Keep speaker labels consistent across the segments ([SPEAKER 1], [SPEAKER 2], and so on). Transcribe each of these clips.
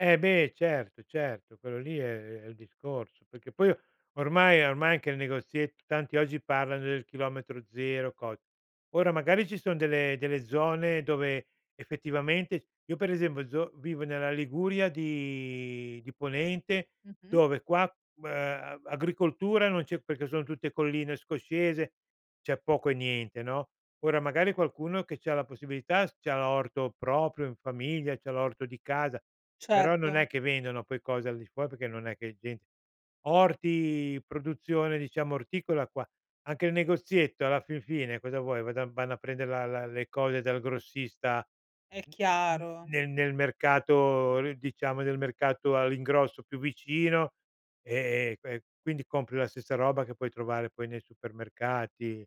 [SPEAKER 1] Eh, beh, certo, certo, quello lì è è il discorso, perché poi ormai ormai che il negoziet tanti oggi parlano del chilometro 0, cos ora magari ci son delle delle zone dove effettivamente io per esempio zo vivo nella Liguria di di Ponente,
[SPEAKER 2] Mh-mh.
[SPEAKER 1] dove qua, mhmm, uhm, agricoltura non c'è perché sono tutte colline scoscese, c'è poco e niente, no. Ora magari qualcuno che c'ha la possibilità s c'ha l'orto proprio in famiglia, c'ha l'orto di casa, però non è
[SPEAKER 2] Certo.
[SPEAKER 1] che vendono poi cose al di fuor perché non è che è gent orti, produzione, diciamo, orticola qua. Anche il negozietto alla fin fine cosa vuoi, vado vanno a prendere la la le cose dal grossista
[SPEAKER 2] È
[SPEAKER 1] n n n
[SPEAKER 2] chiaro.
[SPEAKER 1] nel nel mercato r diciamo del mercato all'ingrosso più vicino, e e que quindi compri la stessa roba che puoi trovare poi nei supermercati.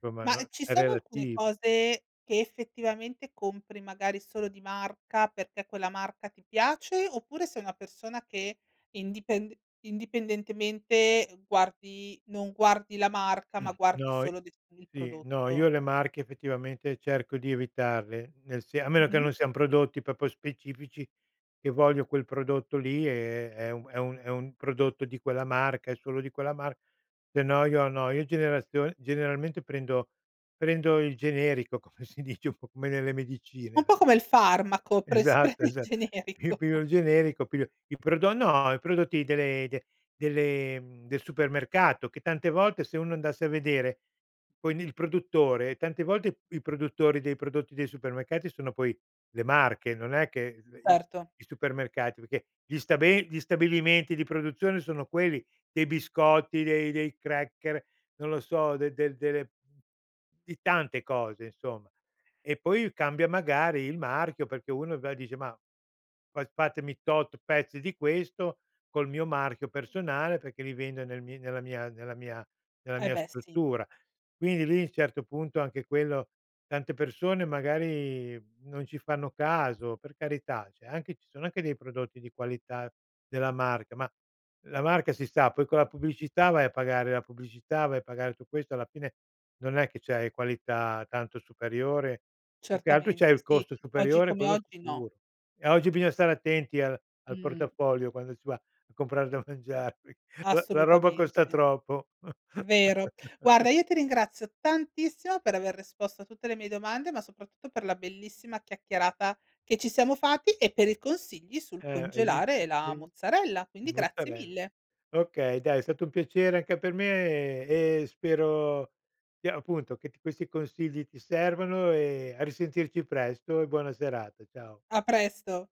[SPEAKER 1] Somma
[SPEAKER 2] Mah,
[SPEAKER 1] non
[SPEAKER 2] ehm, ci
[SPEAKER 1] è
[SPEAKER 2] sono alcune
[SPEAKER 1] relativo.
[SPEAKER 2] cose che effettivamente compri magari solo di marca perché quella marca ti piace, oppure sei una persona che indipend indipendentemente guardi non guardi la marca, ma guardi
[SPEAKER 1] No i
[SPEAKER 2] solo, diciamo, il
[SPEAKER 1] sì. No,
[SPEAKER 2] prodotto?
[SPEAKER 1] io le marche effettivamente cerco di evitarle, nel se a meno che
[SPEAKER 2] Mh-mh.
[SPEAKER 1] non siano prodotti proprio specifici che voglio quel prodotto lì è è è un è un è un prodotto di quella marca e solo di quella mar se no io no, io generazio generalmente prendo prendo il generico, come si dice un po' come nelle medicine
[SPEAKER 2] Un
[SPEAKER 1] an
[SPEAKER 2] po' come il farmaco, pres si
[SPEAKER 1] Esatto,
[SPEAKER 2] prende il
[SPEAKER 1] esa Io
[SPEAKER 2] generico.
[SPEAKER 1] piglio il generico, piglio i prodo no, i prodotti delle de delle mhmm, del supermercato che tante volte se uno andasse a vedere quindi il produttore: tante volte i produttori dei prodotti dei supermercati sono poi le marche, non è che l i
[SPEAKER 2] Erto.
[SPEAKER 1] i supermercati, perché gli sta be gli stabilimenti di produzione sono quelli dei biscotti, dei dei cracker, non lo so, de de delle mhmm, di tante cose, insomma. E poi cambia magari il marchio, perché uno va e dice: "Ma, fas fatemi tot pezzi di questo col mio marchio personale perché li vendo nel mi nella mia nella mia nella
[SPEAKER 2] Eh
[SPEAKER 1] mia
[SPEAKER 2] beh, sì.
[SPEAKER 1] struttura." Quindi lì, certo punto anche quello tante persone magari non ci fanno caso, per carità. Cioè anche ci sono anche dei prodotti di qualità della marca, ma la marca, si sa, poi con la pubblicità vai a pagare la pubblicità, vai a pagare tu questo, alla fine non è che c'hai qualità tanto superiore; più che altro
[SPEAKER 2] Certamente,
[SPEAKER 1] c'hai il
[SPEAKER 2] sì.
[SPEAKER 1] costo
[SPEAKER 2] Oggi
[SPEAKER 1] superiore,
[SPEAKER 2] come
[SPEAKER 1] quello
[SPEAKER 2] oggi no.
[SPEAKER 1] sicuro, e oggi bisogna stare attenti al al
[SPEAKER 2] Mh.
[SPEAKER 1] portafoglio quando si va a comprare da mangiare. La la roba costa
[SPEAKER 2] Assolutamente.
[SPEAKER 1] troppo.
[SPEAKER 2] Vero. Guarda io ti ringrazio tantissimo per aver risposto a tutte le mie domande, ma soprattutto per la bellissima chiacchierata che ci siamo fatti e per i consigli sul
[SPEAKER 1] Eh, hai
[SPEAKER 2] congelare
[SPEAKER 1] visto,
[SPEAKER 2] la
[SPEAKER 1] hai vis
[SPEAKER 2] mozzarella, quindi grazie
[SPEAKER 1] mozzarel
[SPEAKER 2] mille.
[SPEAKER 1] Okay dai, è stato un piacere anche per me e e spero di appunto che t questi consigli ti servano e a risentirci presto e buona serata, ciao.
[SPEAKER 2] A presto.